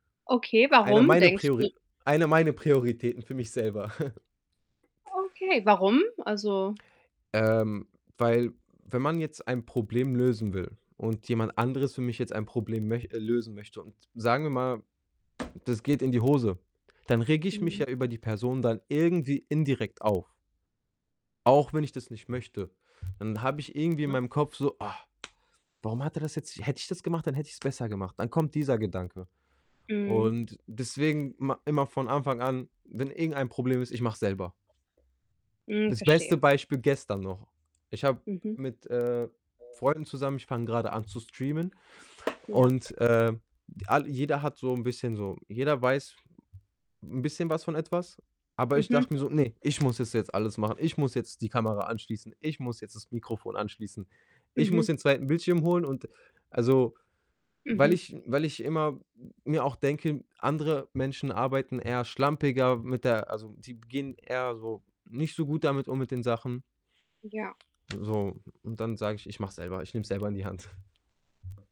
Okay, Eine warum meine denkst du Priori einer meine Prioritäten für mich selber. Okay, warum? Also Ähm, weil wenn man jetzt ein Problem lösen will und jemand anderes für mich jetzt ein Problem möch äh, lösen möchte und sagen wir mal, das geht in die Hose, dann rege ich mich Mhm. ja über die Person dann irgendwie indirekt auf auch wenn ich das nicht möchte. Dann habe ich irgendwie in [unintelligible] meinem Kopf so: „Ach, warum hat er das jetzt hätte ich das gemacht, dann hätte ich's besser gemacht.“ Dann kommt dieser Gedanke Mhm. und deswegen ma immer von Anfang an, wenn irgendein Problem ist, ich mache es selber. Hm, Das beste verstehe. Beispiel gestern noch, ich habe Mhm. mit, äh, Freunden zusammen ich fange grade an zu streamen Ja. und, äh, all jeder hat so 'n bisschen so jeder weiß 'n bisschen was von etwas, aber ich Mhm. dachte mir so: „Ne, ich muss es jetzt alles machen. Ich muss jetzt die Kamera anschließen. Ich muss jetzt das Mikrofon anschließen. Ich muss Mhm. den 2. Bildschirm holen.“ Und also weil Mhm. ich weil ich immer m mir auch denke, andere Menschen arbeiten eher schlampiger mit der also, die gehen eher so, nicht so gut damit um mit den Sachen. Ja. So, und dann sage ich: „Ich mache es selber, ich nehme es selber in die Hand.“